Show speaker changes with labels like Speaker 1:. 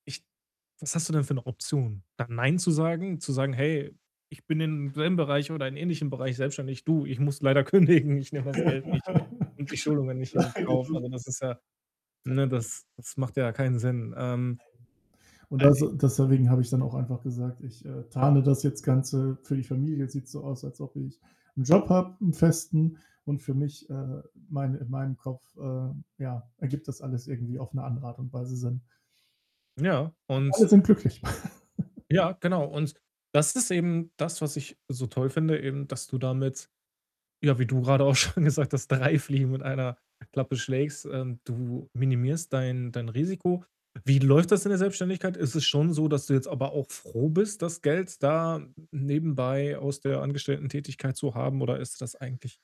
Speaker 1: Ich was hast du denn für 'ne Option? Da „Nein“, zu sagen? Zu sagen: „Hey, ich bin in dem selben Bereich oder in ähnlichen Bereich selbstständig. Du, ich muss leider kündigen, ich nehme das Geld nicht und die Schulungen nicht in Kauf.“
Speaker 2: Nein. [unintelligible]
Speaker 1: Also, das ist ja
Speaker 2: [unintelligible]
Speaker 1: ne, das das macht ja keinen Sinn. Ähm, äh
Speaker 2: Und
Speaker 1: i
Speaker 2: also, deswegen habe ich dann auch einfach gesagt, ich, äh, tarne das jetzt Ganze. Für die Familie sieht's so aus, als ob ich 'n Job habe, 'n Festen und für mich, äh, mein in meinem Kopf, äh, ja, ergibt das alles irgendwie auf 'ne andere Art und Weise Sinn.
Speaker 1: Ja, und
Speaker 2: Alle sind glücklich.
Speaker 1: Ja, genau. Und das ist eben das, was ich so toll finde eben, dass du damit, ja, wie du grade auch schon gesagt hast, 3 Fliegen mit einer Klappe schlägst. Ähm, du minimierst dein dein Risiko. Wie läuft das in der Selbstständigkeit? Ist es schon so, dass du jetzt aber auch froh bist, das Geld da nebenbei aus der Angestelltentätigkeit zu haben oder ist das eigentlich